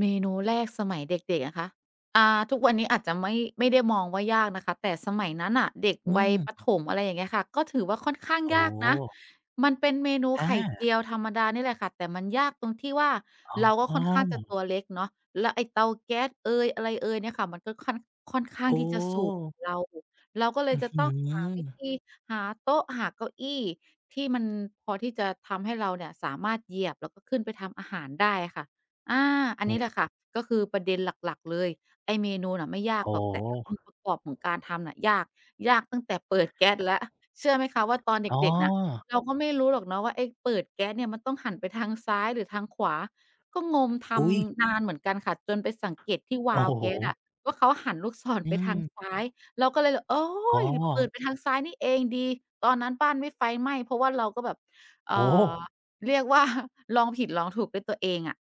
เมนูแรกสมัยเด็ก ๆ อะคะ อ่า ทุกวันนี้อาจจะไม่ ไม่ได้มองว่า ยากนะคะ แต่สมัยนั้นน่ะ เด็กอืวัยประถม ม อะไรอย่างเงี้ยค่ะ ก็ถือว่าค่อนข้างโอยากนะ ้ มันเป็นเมนูอไข่เจา ียวธรรมดานี่แหละค่ะ แต่มันยากตรงที่ว่า เรากอ็๋ค่อนข้างจะอ! ตัวเล็กเนาะ แล้วไอ้เตาแก๊สเอย อะไรเอยเนี่ยค่ะ มันก็ค่อน ค่อนข้โาอง้! ที่จะสูง เรา เราก็เลอืย้อจะฮืต้องหาอ วิธี หาโต๊ะ หาเก้าอี้ ที่มัน พอที่จะทำให้เราเนี่ย สามารถเหยียบ แล้วก็ขึ้นไปทำอาหารได้อะค่ะ อ่า อันนี้แหละค่ะ ก็คือประเด็นหลัก ๆ เลย ไอ้เมนูน่ะไม่ยาอก๋อ หรอก แต่องค์ประกอบของการทำอะยาก ยากตั้งแต่เปิดแก๊สแล้ว เชื่อไหมคะ? ว่าตอนเอ๋อ ด็ก ๆ เนี่ย เราก็ไม่รู้หรอกเนาะว่า ไอ้เปิดแก๊สเนี่ย มันต้องหันไปทางซ้ายหรือทางขวา ก็งม ทอุ๊ย! ำนานเหมือนกันค่ะ จนไปสังเกตที่วโอ้าล์วโแก๊สอฮ! ะว่า เขาหันลูกศรอืไปทางม ซ้าย เราก็เลยแบบ โอ๊อ๋อ ย! เปิดไปทางซ้ายนี่เอง ดี ตอนนั้นบ้านไม่ไฟไหม้ เพราะว่าเราก็แบบ เอ่โอ้! อ เรียก ว่า ลองผิดลองถูกด้วยตัวเองอะ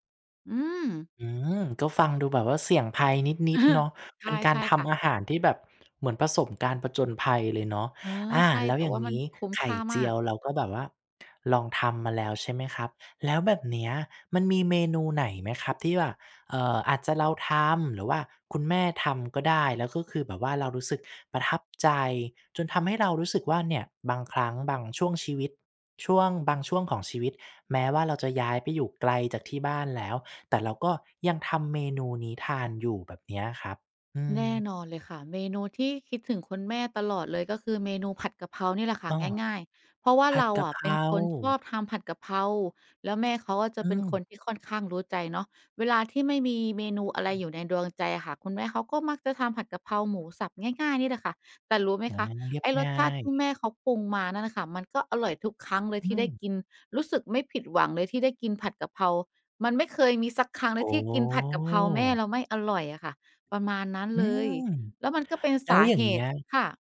อืม อืม ก็ฟังดูแบบว่าเสี่ยงภัยนิด ๆ เนาะ ใชเป่ ็นกใาชร่ทค่ะ ำอาหาร ที่แบบ เหมือนผสมการผจญภัยเลยเนาะ เออ อ่า ใช่ แล้แวต่อย่าว่งางมันี้ คุ้มไขค่่าเจมาีก ยว เราก็แบบว่าลองทำมาแล้ว ใช่ไหมครับ? แล้วแบบเนี้ย มันมีเมนูไหนไหมครับ ที่ว่า เอ่อ อาจจะเราทำ หรือว่าคุณแม่ทำก็ได้ แล้วก็คือแบบว่า เรารู้สึกประทับใจ จนทำให้เรารู้สึกว่าเนี่ย บางครั้งบางช่วงชีวิต ช่วงบางช่วงของชีวิต แม้ว่าเราจะย้ายไปอยู่ไกลจากที่บ้านแล้ว แต่เราก็ยังทำเมนูนี้ทานอยู่แบบเนี้ยครับ? อืแนม ่นอนเลยค่ะ เมนูที่คิดถึงคุณแม่ตลอดเลย ก็คือเมนูผัดกะเพรานี่แหละค่ะ อ๋อ ง่าย ๆ เพราะว่าผัเรดากอะเะ พเรป็นคนชอา บทำผัดกะเพรา แล้วแม่เขาอะ จอะืเป็นคม นที่ค่อนข้างรู้ใจเนาะ เวลาที่ไม่มีเมนูอะไอร ือยม ู่ในดวงใจอะค่ะ คุณแม่เขา ก็มักจะทำผัดกะเพราหมูสับ ง่าย ๆ นี่แหละค่ะ แต่รู้ไหมอา คะ เรียไบอ้รงส่าชาติ ย ที่แม่เค้าปรุงมานั่นนะคะ มันก็อร่อยทุกครั้งเลยอืที่ได้ม กิน รู้สึกไม่ผิดหวังเลยที่ได้กินผัดกะเพรา มันไม่เคยมีสักครั้งเโลอ้! ย ที่กินผัดกะเพราแม่แล้วไม่อร่อยอะค่ะ ประมาณนั้นอืเลย ม! แล้วมันก็เป็นแลส้วาอย่าเหงเงี้ตุ ย ค่ะ